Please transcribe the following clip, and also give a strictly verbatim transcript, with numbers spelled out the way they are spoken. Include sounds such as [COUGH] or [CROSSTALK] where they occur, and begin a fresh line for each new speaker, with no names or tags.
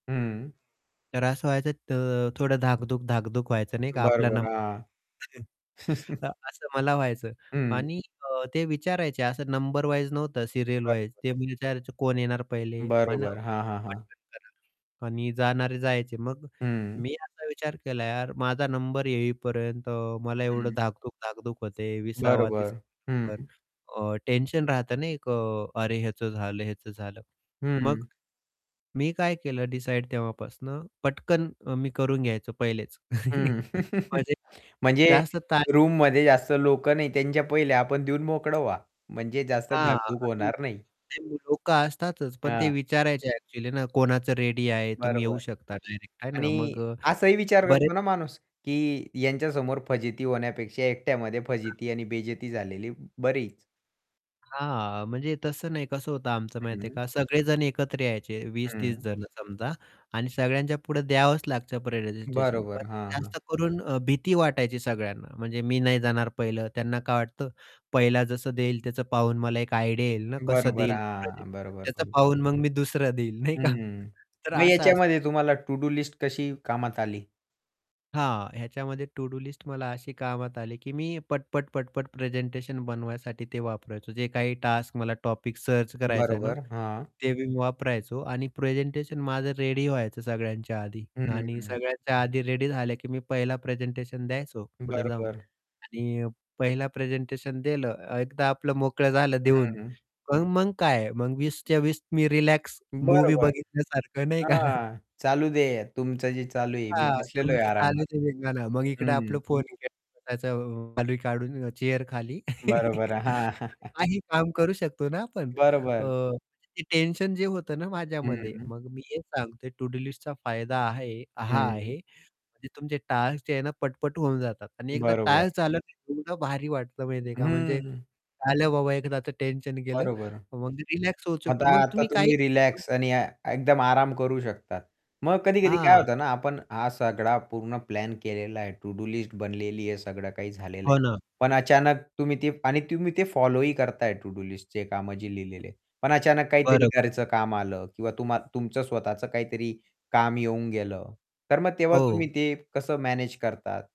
हं
तर व्हायचं तर थोडं धाकधूक-धाकधूक व्हायचं नाही का आपला
बरोबर,
नंबर
हां.
येईल [CHUCKLES]
[CHUCKLES]
अ, असं मला व्हायचं
हं.
आणि अ, ते विचारायचे, असं नंबर वाईज नव्हतं सीरियल वाईज
बरोबर.
ते म्हणजे विचारायचे कोण येणार पहिले? हो ना
बरोबर, हां, हां, हां.
[UNINTELLIGIBLE] आणि जाणारे जायचे. मग
हं.
मी असा विचार केला यार, माझा नंबर येईपर्यंत मला एवढं
हं.
धाकधूक-धाकधूक होत आहे, वीसा वा तीसा
बरोबर, हं.
वा नंबर. अ, टेन्शन राहत ना एक अ, अरे! ह्याचं झालं, ह्याचं झालं.
हं.
मग मी काय केलं डिसाईड तेव्हापासनं पटकन अ, मी करून घ्याय पहिलेच.
हं.
[CHUCKLES]
[CHUCKLES]
म्हणजे
म्हणजे
जास्त ताण
रूममध्ये जास्त लोकं नाही त्यांच्या पहिल्या आपण देऊन मोकळं व्हा. म्हणजे जास्त
हां.
धाकधूक
आणि
होणार नाही.
ते लोकं का असतातच पण ते
हां.
विचारायचे अँक्चुअली ना कोणाचं रेडी आहे, तुम्ही
बरोबर.
येऊ शकता डायरेक्ट आहे ना.
आणि
मग अ,
असंही विचार
बरेच
करतो ना माणूस की यांच्यासमोर फजिती होण्यापेक्षा एकट्यामध्ये
हां.
फजिती आणि बेजेती झालेली ब बरीच.
हां, म्हणजे तसं नाही, कसं होतं आमचं माहिती आहे
हं.
का? सगळेजण एकत्र यायचे वीस तीस
हं.
जण समजा आणि सगळ्यांच्या पुढं द्यावंच लागतं प्रेसेंटेशन पण
बरोबर. हां, हां
जास्त करून अ, भीती वाटायची सगळ्यांना. म्हणजे, "मी नाही जाणार पहिलं", त्यांना काय वाटतं, "पहिला जसं देईल, त्याचं पाहून मला एक आयडिया येईल ना कसं
बरोबर,
देईल
हां.
प्रेझेंटेशन
बरोबर
त्याचं
[UNINTELLIGIBLE]
पाहून मग मी दुसरं देईल" नाही का?
हं,
तर
मग
असं असायचं.
याच्यामध्ये तुम्हाला तो टूडू लिस्ट कशी कामात आली?
हां, ह्याच्यामध्ये टूडू लिस्ट मला अशी कामात आली की मी पट-पट, पट-पट प्रेझेंटेशन बनवायसाठी ते वापरायचो. जे काही टास्क, मला टॉपिक सर्च करायचं आहे ना,
बरोबर, हां.
ते वापरायचो आणि प्रेझेंटेशन माझं रेडी व्हायचं सगळ्यांच्या आधी.
हं, हं,
आणि
हं.
सगळ्यांच्या आधी रेडी झालं की मी पहिला प्रेझेंटेशन द्यायचो, पुढं जाऊन.
बरोबर.
आणि अ, पहिला प्रेझेंटेशन दिलं, अ, एकदा आपलं मोकळं झालं
हं,
देऊन,
हं
मग मग काय मग वीस च्या वीस मी रिलॅक्स मूव्ही
बरोबर.
बघितल्यासारखं, नाही का? [CHUCKLES]
हां, चालू दे. तुमचं जे चालू आहे मी
हां,
बसलेलो आहे
तुमचं चालू
आरामात.
दे धिंगाणा, मग इकडे
हं, हं.
आपलं फोन [UNINTELLIGIBLE] खाली काढून चेअरखाली
बरोबर.
[CHUCKLES]
हां. [CHUCKLES]
काही काम करू शकतो ना आपण अ,
बरोबर.
ते टेन्शन जे होतं ना
हं,
माझ्यामध्ये,
हं.
मग मी हेच सांगतो टू-डू लिस्टचा फायदा आहे हा
हं.
आहे की तुमचे टास्क जे आहे ना पट-पट होऊन जातात आणि एकदा
बरोबर.
टास्क झालं की एवढं भारी वाटतं माहिती आहे
अ,
का म्हणजे
हं.
आलं बाबा एकदाचं टेन्शन गेलं.
बरोबर.
मग रिलॅक्स होऊ
मग तर
शकतो मग
आता
तुम्ही काही
तुम्ही रिलॅक्स आणि ए एकदम आराम करू शकता. मग कधी-कधी काय
हां.
होतं ना, आपण हा सगळा पूर्ण प्लॅन केलेला आहे. तो टू डू लिस्टच बनलेली आहे, सगळं काही झालेलं आहे.
हो ना.
पण अचानक तुम्ही ते आणि तुम्ही ते फॉलो ही करताय टू डू लिस्टच कामं जे लिहिलेली आहेत. पण अचानक काहीतरी
बरोबर.
घरचं काम आलं किंवा तुम्हा तुमचं स्वतःच काहीतरी काम येऊन गेलं. तर मग तेव्हा तुम्ही
हो.
ते कसं मॅनेज करतात?